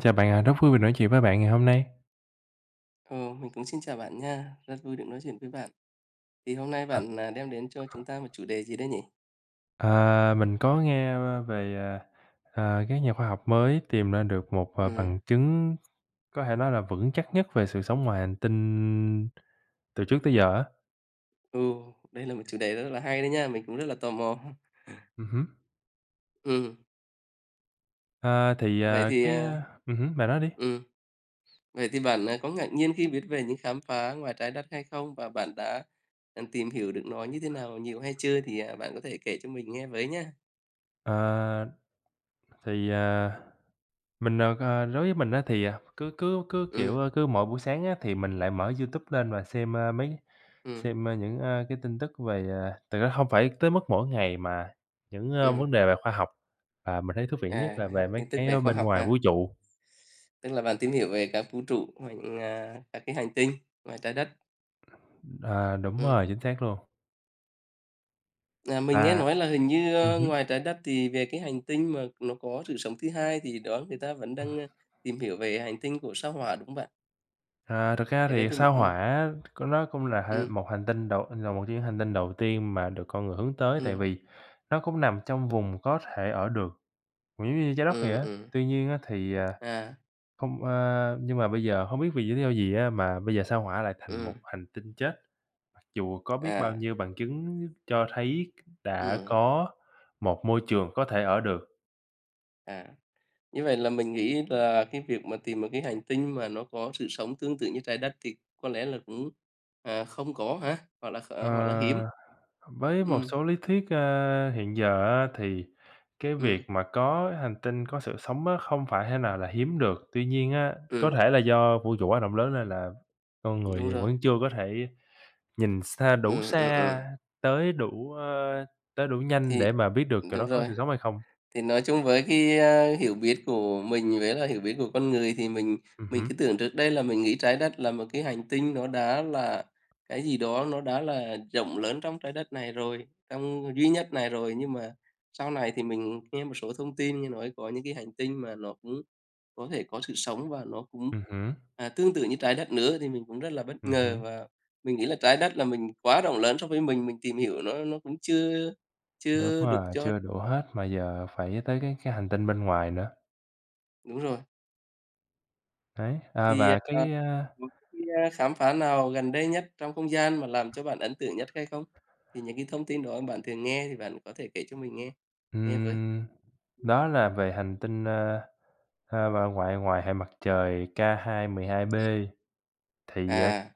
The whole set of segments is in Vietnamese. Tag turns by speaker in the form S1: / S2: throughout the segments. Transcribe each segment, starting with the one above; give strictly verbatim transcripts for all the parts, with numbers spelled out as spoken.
S1: Chào bạn ạ, rất vui vì nói chuyện với bạn ngày hôm nay.
S2: Ừ, mình cũng xin chào bạn nha. Rất vui được nói chuyện với bạn. Thì hôm nay
S1: Ờ,
S2: bạn, à, đem đến cho chúng ta một
S1: ờ.
S2: chủ đề gì đấy nhỉ?
S1: À, mình có nghe v về, à, à, các nhà khoa học mới tìm ra được một, à,
S2: Ừm.
S1: bằng chứng có thể nói là vững chắc nhất về sự sống ngoài hành tinh từ trước tới giờ á.
S2: Ừ, đây là một chủ đề rất là hay đấy nha, mình cũng rất là tò mò.
S1: Ừ hứ.
S2: Ừm.
S1: À, thì,
S2: Vậy
S1: à,
S2: thì,
S1: cái
S2: à
S1: ừ hứ, bạn nói đi.
S2: ừm, vậy thì bạn, à, có ngạc nhiên khi viết về những khám phá ngoài Trái Đất hay không? Và bạn đã, à, tìm hiểu được nó như thế nào, nhiều hay chưa? Thì, à, bạn có thể kể cho mình nghe với nha.
S1: À, thì, à, mình, à, à, đối với mình á thì, à, cứ cứ cứ, kiểu,
S2: Ừm.
S1: a, cứ mỗi buổi sáng á thì mình lại mở Youtube lên và xem, a, mấy
S2: Ừm.
S1: xem, a, những, a, cái tin tức về, à thực ra hông phải tới mức mỗi ngày mà những, a,
S2: Ừm.
S1: vấn đề về khoa học, và mình thấy thú vị nhất
S2: À,
S1: là
S2: vậy ha,
S1: về mấy
S2: tin tức
S1: cái,
S2: về
S1: ơ,
S2: khoa
S1: bên
S2: học
S1: ngoài
S2: ha.
S1: vũ trụ.
S2: Tức là bạn tìm hiểu về các vũ trụ qua những, a, các cái hành tinh ngoài Trái Đất.
S1: À, đúng
S2: Ừm.
S1: rồi, chính xác luôn.
S2: À, mình nghe
S1: Và
S2: nói là hình như,
S1: ừm
S2: a,
S1: hứm.
S2: ngoài Trái Đất thì về cái hành tinh mà nó có sự sống thứ hai thì đó người ta vẫn
S1: À.
S2: đang, a, tìm hiểu về hành tinh của Sao Hỏa, đúng không bạn?
S1: À, thực ra
S2: Cái đấy
S1: thì
S2: tìm
S1: Sao
S2: ừm.
S1: Hỏa có nó cũng là hệ
S2: Ừm.
S1: một hành tinh đầu là một trong những hành tinh đầu tiên mà được con người hướng tới tại
S2: Ừm.
S1: vì nó cũng nằm trong vùng có thể ở được, cũng giống như Trái Đất vậy
S2: Ừm,
S1: á.
S2: ừm.
S1: Tuy nhiên á thì, à,
S2: À.
S1: không, a nhưng mà bây giờ hông biết vì lý do gì á mà bây giờ Sao Hỏa lại thành một
S2: Ừm.
S1: hành tinh chết, mặc dù có biết bao
S2: À.
S1: nhiêu bằng chứng cho thấy đã
S2: Ừm.
S1: có một môi trường có thể ở được.
S2: À, như vậy là mình nghĩ là cái việc mà tìm một cái hành tinh mà nó có sự sống tương tự như Trái Đất thì có lẽ là cũng, à, không có hả? Hoặc là, ờ,
S1: Ờ,
S2: hoặc là hiếm.
S1: với một
S2: Ừm.
S1: số lý thuyết, ơ, hiện giờ á thì cái việc
S2: Ừm.
S1: mà có hành tinh, có sự sống á không phải thế nào là hiếm được, tuy nhiên á có
S2: Ừm.
S1: thể là do vũ trụ quá rộng lớn nên là con
S2: Đúng
S1: người
S2: rồi.
S1: vẫn chưa có thể nhìn xa, đủ
S2: Ừm, ừm, ừm.
S1: xa, tới đủ, ơ, tới đủ nhanh
S2: Thì
S1: để mà biết được chỗ
S2: đúng
S1: đó có
S2: rồi,
S1: sự sống hay không.
S2: thì nói chung với cái, a, hiểu biết của mình với là hiểu biết của con người thì mình
S1: Ừm
S2: mình
S1: hứm.
S2: cứ tưởng trước đây là mình nghĩ Trái Đất là một cái hành tinh nó đã là cái gì đó, nó đã là rộng lớn trong Trái Đất này rồi trong duy nhất này rồi. Nhưng mà sau này thì mình nghe một số thông tin, nghe nói có những cái hành tinh mà nó cũng có thể có sự sống và nó cũng,
S1: Ừm hứm.
S2: à, tương tự như Trái Đất nữa thì mình cũng rất là bất
S1: Ừm
S2: ngờ
S1: hứm.
S2: và mình nghĩ là Trái Đất là mình quá rộng lớn so với mình, mình tìm hiểu nó nó cũng chưa
S1: Đúng
S2: chưa được
S1: rồi,
S2: cho
S1: chưa đủ hết mà giờ phải tới cái cái hành tinh bên ngoài nữa.
S2: Đúng rồi.
S1: Đấy, à,
S2: Thì, ờ,
S1: và
S2: ờ,
S1: cái a
S2: [unintelligible] khám phá nào gần đây nhất trong không gian mà làm cho bạn ấn tượng nhất hay không? Thì những cái thông tin đó bạn thường nghe thì bạn có thể kể cho mình nghe nghe với!
S1: Ừm, đó là về hành tinh, à, à, vào ngoại ngoài hệ mặt trời K212B,
S2: Ừm.
S1: thì, à,
S2: À.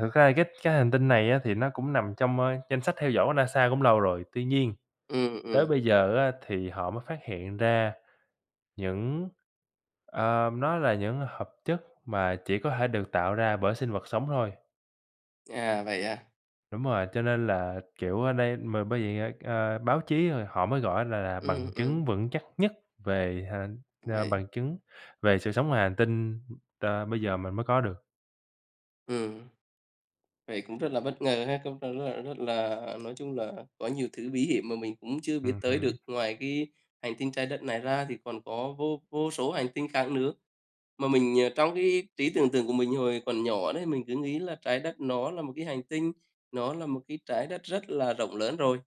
S1: thực ra là cái cái hành tinh này á thì nó cũng nằm trong, ờ, danh sách theo dõi của NASA cũng lâu rồi tuy nhiên,
S2: Ừm,
S1: tới
S2: ừm.
S1: bây giờ á thì họ mới phát hiện ra những ờ, nó là những hợp chất mà chỉ có thể được tạo ra bởi sinh vật sống thôi.
S2: À vậy à?
S1: Đúng rồi, cho nên là, kiểu, ở đây mà bởi vậy á, ờ, báo chí rồi họ mới gọi á là là
S2: Ừm,
S1: bằng
S2: ừm.
S1: chứng vững chắc nhất về hà ờ,
S2: Vậy á?
S1: bằng chứng về sự sống ngoài hành tinh, ờ, bây giờ mình mới có được.
S2: Ừm. Vậy cũng rất là bất ngờ ha, công [unintelligible] rất là nói chung là có nhiều thứ bí hiểm mà mình cũng chưa
S1: Ừm
S2: biết tới được.
S1: hưm.
S2: Ngoài cái hành tinh Trái Đất này ra thì còn có vô vô số hành tinh khác nữa. Mà mình ờ, trong cái trí tưởng tượng của mình hồi còn nhỏ đấy, mình cứ nghĩ là Trái Đất nó là một cái hành tinh, nó là một cái Trái Đất rất là rộng lớn rồi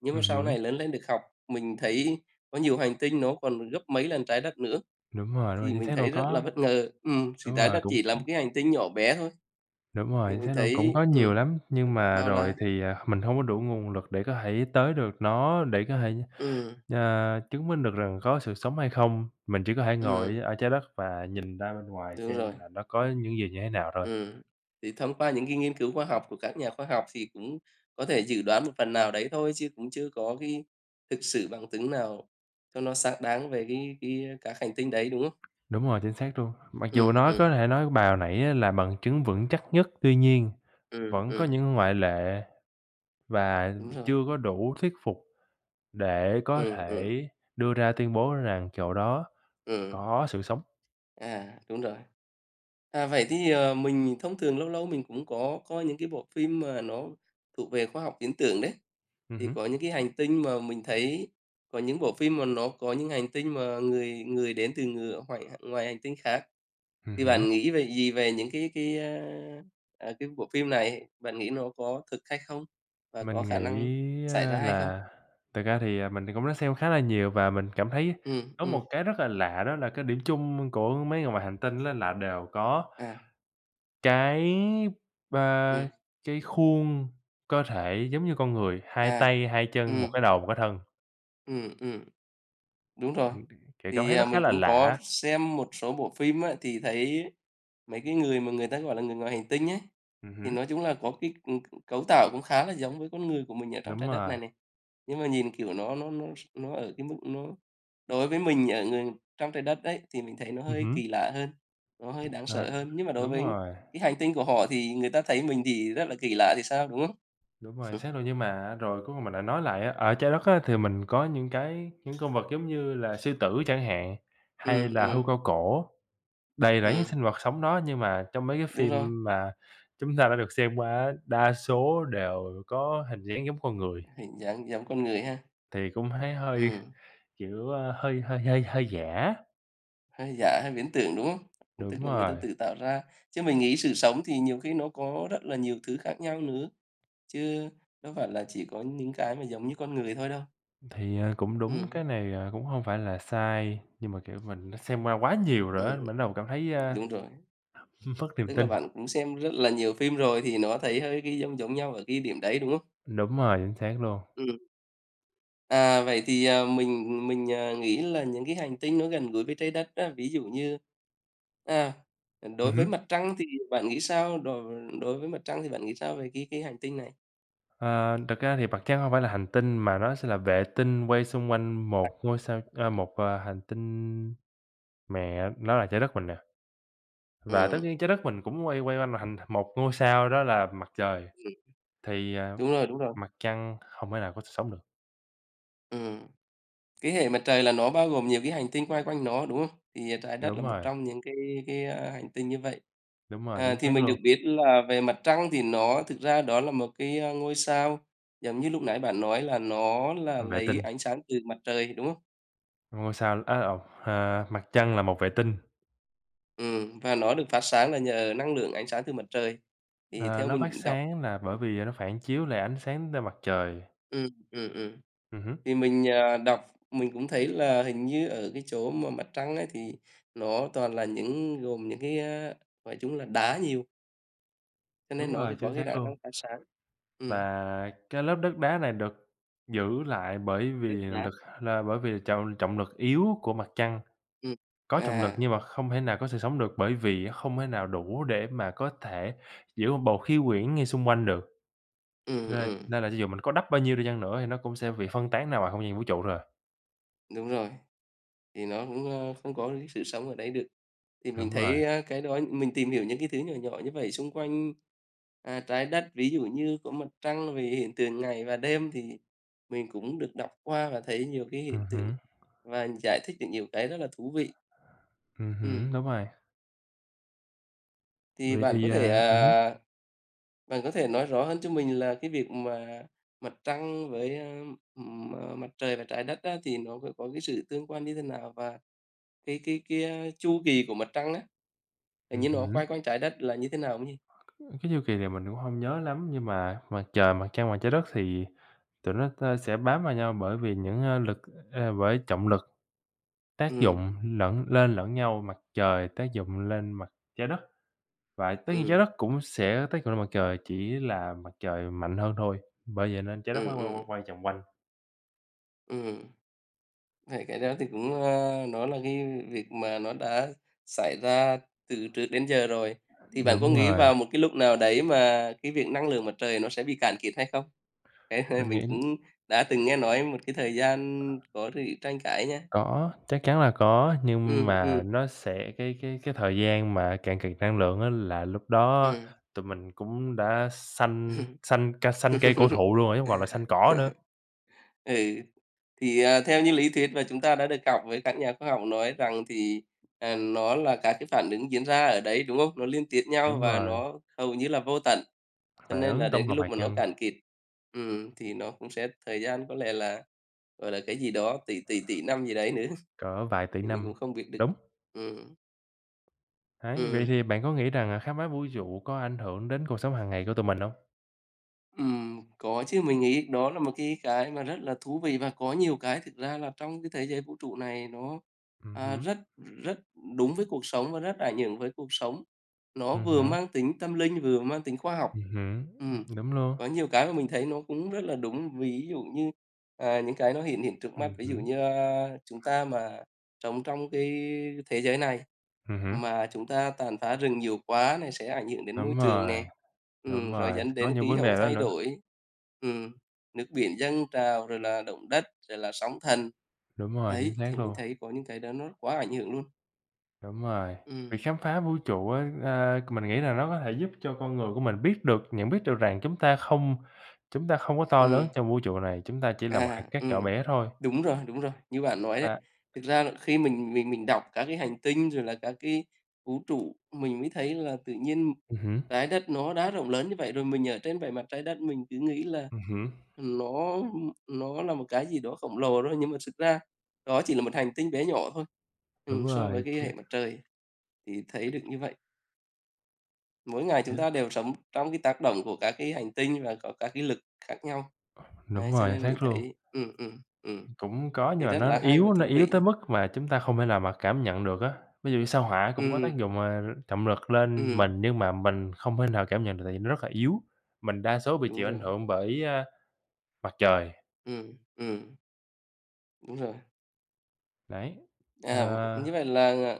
S2: nhưng mà
S1: Ừm
S2: sau
S1: hưm.
S2: này lớn lên được học, mình thấy có nhiều hành tinh nó còn gấp mấy lần Trái Đất nữa,
S1: Đúng rồi, đúng rồi,
S2: thì
S1: chính
S2: mình
S1: xác đâu
S2: thấy rất là
S1: có
S2: bất ngờ ừm, thì
S1: đúng
S2: Trái
S1: rồi
S2: Đất
S1: cũng
S2: chỉ là một cái hành tinh nhỏ bé thôi,
S1: Đúng rồi,
S2: thì
S1: chính
S2: mình
S1: xác luôn cũng
S2: thấy
S1: có nhiều
S2: ừm,
S1: lắm,
S2: th
S1: nhưng mà
S2: bao
S1: rồi
S2: la.
S1: thì, à, mình hông có đủ nguồn lực để có thể tới được nó, để có thể,
S2: Ừm.
S1: ờ, chứng minh được rằng có sự sống hay không, mình chỉ có thể ngồi
S2: Ừm.
S1: ở Trái Đất và nhìn ra bên ngoài
S2: Đúng rồi.
S1: xem là nó có những gì như thế nào thôi.
S2: Ừm, thì thông qua những cái nghiên cứu khoa học của các nhà khoa học, thì cũng có thể dự đoán một phần nào đấy thôi, chứ cũng chưa có cái thực sự bằng chứng nào cho nó xác đáng về cái cái các hành tinh đấy, đúng không?
S1: Đúng rồi, chính xác luôn, mặc dù
S2: Ừm,
S1: nói
S2: ừm.
S1: có thể nói bài hồi nãy á là bằng chứng vững chắc nhất, tuy nhiên
S2: Ừm,
S1: vẫn có
S2: ừm.
S1: những ngoại lệ và
S2: Đúng rồi.
S1: chưa có đủ thuyết phục để có
S2: Ừm,
S1: thể
S2: ừm.
S1: đưa ra tuyên bố rằng chỗ đó
S2: Ừm.
S1: có sự sống.
S2: À, đúng rồi. À, vậy thì, ờ, mình thông thường lâu lâu mình cũng có coi những cái bộ phim mà nó thuộc về khoa học viễn tưởng đấy,
S1: Ừm
S2: thì
S1: hứm.
S2: có những cái hành tinh mà mình thấy có những bộ phim mà nó có những hành tinh mà người người đến từ ngừa hoài h ngoài hành tinh khác
S1: Ừm
S2: thì
S1: hứm.
S2: bạn nghĩ về gì về những cái cái, a, à, cái bộ phim này, bạn nghĩ nó có thực hay không và có
S1: Mình
S2: khả
S1: nghĩ
S2: năng xảy ra hay không?
S1: là thực ra thì, à, mình thì cũng đã xem khá là nhiều và mình cảm thấy
S2: Ừm,
S1: có
S2: ừm.
S1: một cái rất là lạ đó là cái điểm chung của mấy người ngoài hành tinh á là đều có
S2: À.
S1: cái b
S2: Ừm.
S1: cái khuôn cơ thể giống như con người, hai
S2: À.
S1: tay, hai chân,
S2: Ừm.
S1: một cái đầu, một cái thân.
S2: Ừm, ừm. Đúng rồi,
S1: [unintelligible] kiểu, cảm
S2: thì,
S1: thấy
S2: à,
S1: nó khá
S2: mình
S1: là
S2: cũng
S1: lạ
S2: có
S1: á.
S2: xem một số bộ phim á thì thấy mấy cái người mà người ta gọi là người ngoài hành tinh ấy,
S1: Ừm
S2: thì
S1: hứm.
S2: nói chung là có cái, ừm, c cấu tạo cũng khá là giống với con người của mình ở trong
S1: Đúng
S2: Trái Đất
S1: rồi.
S2: này này. Nhưng mà nhìn, kiểu, nó nó nó s nó ở cái mức nó đối với mình ở ở trong Trái Đất ấy thì mình thấy nó
S1: Ừm
S2: hơi
S1: hứm.
S2: kỳ lạ hơn, nó hơi
S1: Ưm.
S2: đáng sợ
S1: Ờ,
S2: hơn. Nhưng mà đối
S1: đúng
S2: với
S1: rồi.
S2: cái hành tinh của họ thì người ta thấy mình thì rất là kỳ lạ thì sao, đúng hông?
S1: Đúng rồi, xác rồi nhưng mà rồi cuối cùng mình lại nói lại á, ở Trái Đất á thì mình có những cái những con vật giống như là sư tử chẳng hạn, hay
S2: Ừm,
S1: là hươu
S2: ừm.
S1: cao cổ, đầy rẫy những
S2: Ừm.
S1: sinh vật sống đó nhưng mà trong mấy cái
S2: Đúng rồi.
S1: phim mà chúng ta đã được xem qua á, đa số đều có hình dáng giống con người.
S2: Hình dáng giống con người ha.
S1: Thì cũng thấy hơi,
S2: Ừm.
S1: kiểu, a, hơi hơi hơi hơi giả á.
S2: Hơi giả, hơi viễn tưởng, đúng không?
S1: Đúng
S2: Tức là người ta
S1: rồi.
S2: tự tạo ra. Chứ mình nghĩ sự sống thì nhiều khi nó có rất là nhiều thứ khác nhau nữa, chứ đâu phải là chỉ có những cái mà giống như con người thôi đâu.
S1: Thì, ờ, cũng đúng,
S2: Ừm.
S1: cái này, ờ, cũng hông phải là sai, nhưng mà, kiểu, mình đã xem qua quá nhiều rồi
S2: Ừm,
S1: á, mình bắt đầu cảm thấy, ơ,
S2: đúng rồi.
S1: mất niềm
S2: Tức là
S1: tin.
S2: bạn cũng xem rất là nhiều phim rồi thì nó thấy hơi cái giông giống nhau ở cái điểm đấy, đúng không?
S1: Đúng rồi, chính xác luôn.
S2: Ừm. À, vậy thì, à, mình mình, à, nghĩ là những cái hành tinh nó gần gũi với Trái Đất á, ví dụ như, à, à,
S1: Ừ
S2: đối với
S1: hứ.
S2: Mặt Trăng thì bạn nghĩ sao? Đ v đối với Mặt Trăng thì bạn nghĩ sao về cái cái hành tinh này?
S1: Ờ, thực ra thì Mặt Trăng hông phải là hành tinh mà nó sẽ là vệ tinh quay xung quanh
S2: À.
S1: một ngôi sao, ơ, một, à, hành tinh mẹ, nó là Trái Đất mình nè. Và tất
S2: Ừm.
S1: nhiên Trái Đất mình cũng quay quay quanh mà hành một ngôi sao đó là Mặt Trời,
S2: Ừm.
S1: thì, à,
S2: Đúng rồi, đúng rồi.
S1: Mặt Trăng không thể nào có sự sống được.
S2: Ừm. Cái Hệ Mặt Trời là nó bao gồm nhiều cái hành tinh quay quanh nó, đúng không? Thì, à, Trái Đất là
S1: Đúng
S2: một
S1: rồi.
S2: trong những cái cái, a, hành tinh như vậy.
S1: Đúng rồi,
S2: À,
S1: chính
S2: thì
S1: xác
S2: mình được
S1: luôn.
S2: biết là về Mặt Trăng thì nó thực ra đó là một cái, ơ, ngôi sao giống như lúc nãy bạn nói là nó là
S1: Vệ
S2: lấy
S1: tinh.
S2: ánh sáng từ Mặt Trời, đúng không?
S1: Ngôi sao á lộn, ờ, Mặt Trăng là một vệ tinh.
S2: Ừm, và nó được phát sáng là nhờ năng lượng ánh sáng từ Mặt Trời, thì
S1: Ờ,
S2: theo
S1: nó phát
S2: mình đọc
S1: sáng nà, bởi vì nó phản chiếu lại ánh sáng t Mặt Trời.
S2: Ừm, ừm, ừm.
S1: Ừm hứm.
S2: Thì mình, à, đọc, mình cũng thấy là hình như ở cái chỗ mà Mặt Trăng ấy thì nó toàn là những gồm những cái, ơ, gọi chúng là đá nhiều cho nên
S1: Đúng
S2: nó
S1: rồi,
S2: cái
S1: chính
S2: có cái
S1: xác
S2: khả
S1: luôn.
S2: năng phát sáng. Ừm.
S1: Và cái lớp đất đá này được giữ lại bởi vì
S2: Đất đá.
S1: lực là bởi vì là trọng trọng lực yếu của Mặt Trăng,
S2: Ừm.
S1: có trọng lực
S2: À.
S1: nhưng mà không thể nào có sự sống được, bởi vì không thể nào đủ để mà có thể giữ một bầu khí quyển ngay xung quanh được.
S2: Ừm,
S1: Nên
S2: ừm.
S1: nên là cho dù mình có đắp bao nhiêu đi chăng nữa thì nó cũng sẽ bị phân tán nào vào không gian vũ trụ thôi à.
S2: Đúng rồi, thì nó cũng, ơ, không có được cái sự sống ở đấy được. Thì mình
S1: Đúng rồi.
S2: thấy, ơ, cái đó, mình tìm hiểu những cái thứ nhỏ nhỏ như vậy xung quanh, a, Trái Đất, ví dụ như có Mặt Trăng về hiện tượng ngày và đêm, thì mình cũng được đọc qua và thấy nhiều cái
S1: Ừm
S2: hiện tượng
S1: hứm.
S2: và giải thích được nhiều cái rất là thú vị.
S1: Ừm hứm,
S2: Ừm.
S1: đúng rồi.
S2: Thì
S1: Vậy
S2: bạn có
S1: thì,
S2: thể,
S1: à ừm hứm.
S2: à, bạn có thể nói rõ hơn cho mình là cái việc mà Mặt Trăng với, ừm, M Mặt Trời và Trái Đất á, thì nó c có cái sự tương quan như thế nào? Và cái cái cái chu kỳ của Mặt Trăng á, tự
S1: Ừm
S2: nhiên nó quay
S1: hứm.
S2: quanh Trái đất là như thế nào không nhỉ?
S1: Cái chu kỳ này mình cũng hông nhớ lắm, nhưng mà Mặt Trời, Mặt Trăng và Trái Đất thì tụi nó t sẽ bám vào nhau bởi vì những, ơ, lực c bởi trọng lực tác
S2: Ừm.
S1: dụng lẫn lên lẫn nhau. Mặt Trời tác dụng lên mặt Trái Đất, và tất nhiên Trái
S2: Ừm.
S1: Đất cũng sẽ tác dụng lên Mặt Trời chỉ là Mặt Trời mạnh hơn thôi, bởi vậy nên Trái Đất
S2: Ừm,
S1: mới quay,
S2: ừm.
S1: quay, quay vòng quanh.
S2: Ừm. Thì cái đó thì cũng, ờ, nó là cái việc mà nó đã xảy ra từ trước đến giờ rồi. Thì bạn có
S1: Đúng
S2: nghĩ
S1: rồi.
S2: vào một cái lúc nào đấy mà cái việc năng lượng mặt trời nó sẽ bị cạn kiệt hay không? Đấy, hơi
S1: Mình
S2: mình
S1: nghĩ
S2: cũng đã từng nghe nói một cái thời gian có sự tranh cãi nha.
S1: Có, chắc chắn là có. Nhưng
S2: Ừm, ừm.
S1: mà nó sẽ cái cái cái thời gian mà cạn kiệt năng lượng á là lúc đó
S2: Ừm.
S1: tụi mình cũng đã xanh xanh ca xanh cây cổ thụ luôn rồi, chứ hông còn là xanh cỏ nữa.
S2: Ừ, thì, à, theo như lý thuyết mà chúng ta đã được đọc với các nhà khoa học nói rằng thì, à, nó là các cái phản ứng diễn ra ở đấy, đúng không? Nó liên tiếp nhau
S1: Đúng
S2: và
S1: rồi.
S2: nó hầu như là vô tận. Cho
S1: Phản
S2: nên là
S1: ứng
S2: đến
S1: tổng
S2: cái
S1: hợp
S2: lúc
S1: hạt
S2: mà nó
S1: nhân.
S2: cạn kiệt, ừm, thì nó cũng sẽ thời gian có lẽ là, gọi là, cái gì đó, tỷ, tỷ, tỷ năm gì đấy nữa.
S1: Cỡ vài tỷ
S2: Thì mình
S1: năm.
S2: cũng không biết được.
S1: Đúng.
S2: Ừm.
S1: Ấy, vậy
S2: Ừm.
S1: thì bạn có nghĩ rằng, à, khám phá vũ trụ có ảnh hưởng đến cuộc sống hàng ngày của tụi mình hông?
S2: Ừm, có chứ mình nghĩ đó là một cái cái mà rất là thú vị và có nhiều cái thực ra là trong cái thế giới vũ trụ này nó,
S1: Ừm
S2: à,
S1: hứm.
S2: rất, ừm, rất đúng với cuộc sống và rất ảnh hưởng với cuộc sống, nó
S1: Ừm
S2: vừa
S1: hứm.
S2: mang tính tâm linh, vừa mang tính khoa học.
S1: Ừm hứm,
S2: Ừm,
S1: ừm, đúng luôn.
S2: có nhiều cái mà mình thấy nó cũng rất là đúng, ví dụ như, à, những cái nó hiển hiện trước mắt,
S1: Ừm
S2: ví dụ
S1: hứm.
S2: như, a, chúng ta mà sống trong cái thế giới này
S1: Ừm hứm.
S2: mà chúng ta tàn phá rừng nhiều quá này sẽ ảnh hưởng đến môi
S1: Đúng
S2: trường nè.
S1: rồi, đúng
S2: Ừm, rồi
S1: rồi,
S2: dẫn
S1: có
S2: đến
S1: những
S2: khí
S1: vấn
S2: hậu
S1: đề đó
S2: thay
S1: nữa.
S2: đổi, ừm, nước biển dâng trào rồi là động đất, rồi là sóng thần.
S1: Đúng rồi, chính
S2: Đấy,
S1: xác
S2: thì mình
S1: luôn.
S2: thấy có những cái đó nó quá ảnh hưởng luôn.
S1: Đúng rồi,
S2: Ừm.
S1: việc khám phá vũ trụ á, ơ, c mình nghĩ là nó có thể giúp cho con người của mình biết được, nhận biết được rằng chúng ta không chúng ta không có to lớn
S2: Ừm.
S1: trong vũ trụ này, chúng ta chỉ là một hạt
S2: À,
S1: cát nhỏ
S2: ừm,
S1: bé thôi.
S2: đúng rồi, đúng rồi. Như bạn nói ấy,
S1: Và
S2: thực ra là khi mình mình mình mình đọc các cái hành tinh rồi là các cái vũ trụ, mình mới thấy là tự nhiên
S1: Ừm hứm.
S2: Trái Đất nó đã rộng lớn như vậy rồi, mình ở trên bề mặt Trái Đất mình cứ nghĩ là,
S1: Ừm hứm.
S2: ừm, nó, ừm, nó là một cái gì đó khổng lồ đó, nhưng mà xực ra đó chỉ là một hành tinh bé nhỏ thôi,
S1: Đúng
S2: ừm, so với
S1: rồi
S2: cái hệ
S1: [unintelligible]
S2: mặt trời thì thấy được như vậy. Mỗi ngày chúng ta
S1: [unintelligible]
S2: đều sống trong cái tác động của các cái hành tinh và có các cái lực khác nhau.
S1: Ờm,
S2: Đấy,
S1: đúng
S2: cho
S1: rồi,
S2: nên
S1: xác
S2: mình
S1: luôn.
S2: thấy ừm, ừm, ừm,
S1: Cũng có nhưng
S2: thì
S1: mà
S2: rất
S1: nó
S2: là hay
S1: yếu
S2: và
S1: á, nó
S2: thú
S1: yếu
S2: vị.
S1: tới mức mà chúng ta không thể nào mà cảm nhận được á, ví dụ như Sao Hỏa cũng có tác
S2: Ừm.
S1: dụng, ờ, trọng lực lên
S2: Ừm.
S1: mình nhưng mà mình không thể nào cảm nhận được tại vì nó rất là yếu, mình đa số bị
S2: Đúng
S1: chịu ảnh
S2: rồi.
S1: hưởng bởi, a, Mặt Trời.
S2: Ừm, ừm. Đúng rồi.
S1: Đấy,
S2: À, như
S1: ờ
S2: vậy là là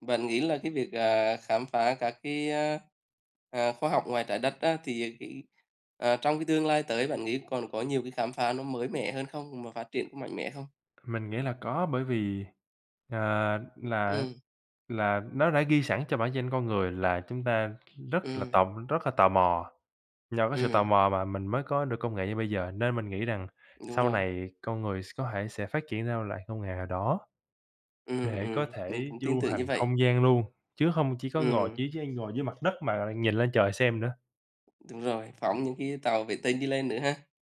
S2: bạn nghĩ là cái việc, à, khám phá các cái, a, à, khoa học ngoài Trái đất á thì cái à, trong cái tương lai tới bạn nghĩ còn có nhiều cái khám phá nó mới mẻ hơn không và phát triển cũng mạnh mẽ không?
S1: Mình nghĩ là có bởi vì, ờ, là
S2: Ừm.
S1: là nó đã ghi sẵn cho bản chân con người là chúng ta rất là
S2: Ừm.
S1: tò rất là tò mò. Do cái sự tò
S2: Ừm.
S1: mò mà mình mới có được công nghệ như bây giờ nên mình nghĩ rằng
S2: Đúng
S1: sau
S2: rồi.
S1: này con người s có thể sẽ phát triển ra loại công nghệ nào đó,
S2: Ừm,
S1: để có
S2: ừm, mình
S1: thể
S2: cũng tin
S1: du
S2: tưởng như
S1: hành
S2: vậy.
S1: không gian luôn, chứ hông chỉ có ngồi
S2: Ừm.
S1: chỉ chỉ ngồi dưới mặt đất mà nhìn lên trời xem nữa.
S2: Đúng rồi, phóng
S1: Ừm.
S2: những cái tàu vệ tinh đi lên nữa ha.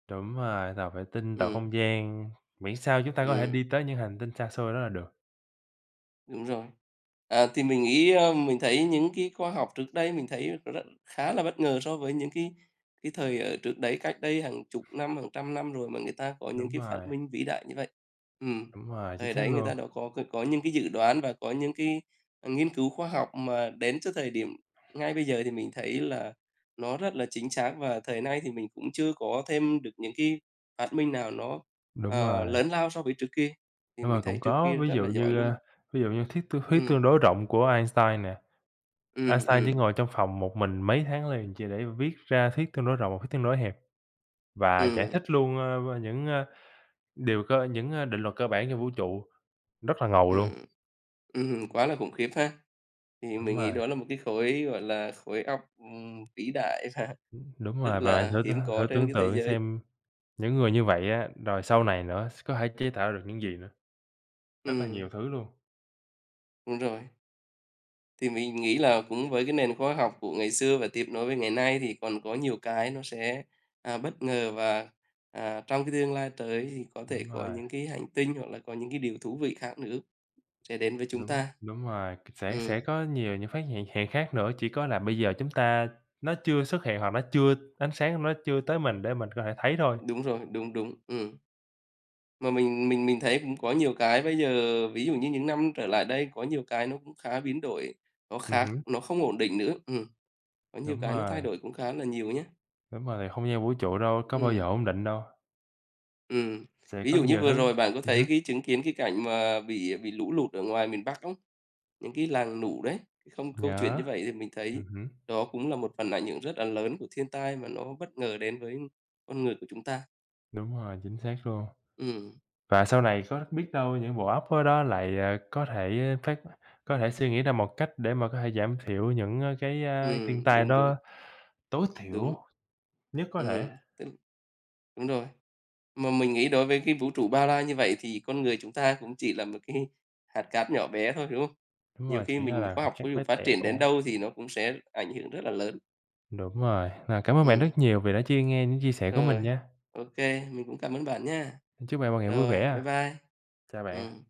S1: Đúng rồi, tàu vệ tinh, tàu
S2: Ừm.
S1: không gian, miễn sao chúng ta có thể
S2: Ừm.
S1: đi tới những hành tinh xa xôi đó là được.
S2: Đúng rồi. À, thì mình nghĩ ơ, mình thấy những cái khoa học trước đây mình thấy r khá là bất ngờ so với những cái cái thời ở trước đấy, cách đây hàng chục năm, hàng trăm năm rồi mà người ta có những
S1: Đúng
S2: cái phát
S1: rồi.
S2: minh vĩ đại như vậy. Ừm,
S1: Đúng rồi, chính
S2: thời
S1: xác
S2: đấy người ta
S1: luôn.
S2: đã có cái có những cái dự đoán và có những cái, à, nghiên cứu khoa học mà đến trước thời điểm ngay bây giờ thì mình thấy là nó rất là chính xác. Và thời nay thì mình cũng chưa có thêm được những cái phát minh nào nó,
S1: Đúng
S2: ờ,
S1: rồi.
S2: lớn lao so với trước kia, thì
S1: Đúng
S2: mình
S1: rồi, cũng
S2: thấy trước
S1: có,
S2: kia
S1: ví
S2: rất
S1: dụ
S2: là giỏi
S1: như,
S2: luôn.
S1: ơ, ví dụ như thuyết tương huyết tương
S2: Ừm.
S1: đối rộng của Einstein nè.
S2: Ừm,
S1: Einstein chỉ
S2: ừm.
S1: ngồi trong phòng một mình mấy tháng liền chỉ để viết ra thuyết tương đối rộng và thuyết tương đối hẹp và giải
S2: Ừm.
S1: thích luôn, ơ, ơ, những, ơ, điều cơ những, ơ, định luật cơ bản trong vũ trụ, rất là ngầu luôn.
S2: Ừm, ừm, quá là khủng khiếp ha. Thì
S1: Đúng
S2: mình nghĩ
S1: rồi.
S2: đó là một cái khối, gọi là, khối óc, ừm, vĩ đại và
S1: Ừm, đúng
S2: rất
S1: rồi và bạn
S2: là
S1: thử tương
S2: hiếm có
S1: thử
S2: trên
S1: tưởng
S2: cái thế
S1: tượng
S2: giới.
S1: xem những người như vậy á, rồi sau này nữa s có thể chế tạo ra được những gì nữa. Rất là
S2: Ừm.
S1: nhiều thứ luôn.
S2: Đúng rồi. Thì mình nghĩ là cũng với cái nền khoa học của ngày xưa và tiếp nối với ngày nay thì còn có nhiều cái nó sẽ, à, bất ngờ. Và, à, trong cái tương lai tới thì có thể
S1: Đúng
S2: có
S1: rồi.
S2: những cái hành tinh hoặc là có những cái điều thú vị khác nữa sẽ đến với chúng
S1: Đúng,
S2: ta.
S1: đúng rồi, sẽ sẽ
S2: Ừm.
S1: có nhiều những phát hiện hiện khác nữa, chỉ có là bây giờ chúng ta nó chưa xuất hiện hoặc nó chưa ánh sáng của nó chưa tới mình để mình có thể thấy thôi.
S2: Đúng rồi, đúng, đúng, ừm. Mà mình mình mình thấy cũng có nhiều cái bây giờ ví dụ như những năm trở lại đây có nhiều cái nó cũng khá biến đổi, nó
S1: Ừm
S2: khác,
S1: hứm.
S2: nó không ổn định nữa, ừm, có nhiều
S1: Đúng
S2: cái nó thay
S1: rồi.
S2: đổi cũng khá là nhiều nhá.
S1: Đúng rồi không gian vũ trụ đâu có bao giờ
S2: Ừm.
S1: ổn định đâu.
S2: Ừm.
S1: Sẽ
S2: Ví
S1: có
S2: dụ như
S1: nhiều thứ
S2: vừa rồi bạn có
S1: ừm
S2: thấy
S1: hứm.
S2: cái chứng kiến cái cảnh mà bị bị lũ lụt ở ngoài miền Bắc không? Những cái làng lũ đấy. Không câu chuyện
S1: Yeah,
S2: như vậy thì mình thấy
S1: ừm hứm.
S2: đó cũng là một phần ảnh hưởng rất là lớn của thiên tai mà nó bất ngờ đến với con người của chúng ta.
S1: Đúng rồi, chính xác luôn.
S2: Ừm.
S1: Và sau này có biết đâu những bộ óc khối đó lại có thể phát có thể suy nghĩ ra một cách để mà có thể giảm thiểu những cái thiên
S2: Ừm,
S1: tai
S2: đúng, đúng.
S1: đó tối
S2: Đúng.
S1: thiểu nhất có thể.
S2: Ừm, t Đúng rồi, mà mình nghĩ đối với cái vũ trụ bao la như vậy thì con người chúng ta cũng chỉ là một cái hạt cát nhỏ bé thôi, đúng không?
S1: Đúng
S2: Nhiều
S1: rồi
S2: khi
S1: chỉ là
S2: mình
S1: là
S2: khoa
S1: hạt
S2: học
S1: cát
S2: ví dụ
S1: bé
S2: phát triển đến
S1: tẹo.
S2: đâu thì nó cũng sẽ ảnh hưởng rất là lớn.
S1: Đúng rồi, ờ, cảm ơn bạn rất
S2: Ừm.
S1: nhiều vì đã chia nghe những chia sẻ của mình
S2: Rồi,
S1: nha.
S2: ô kê, mình cũng cảm ơn bạn nhá.
S1: Chúc bạn một ngày vui
S2: Rồi,
S1: vẻ
S2: bye
S1: ạ.
S2: bye.
S1: Chào bạn.
S2: Ừm.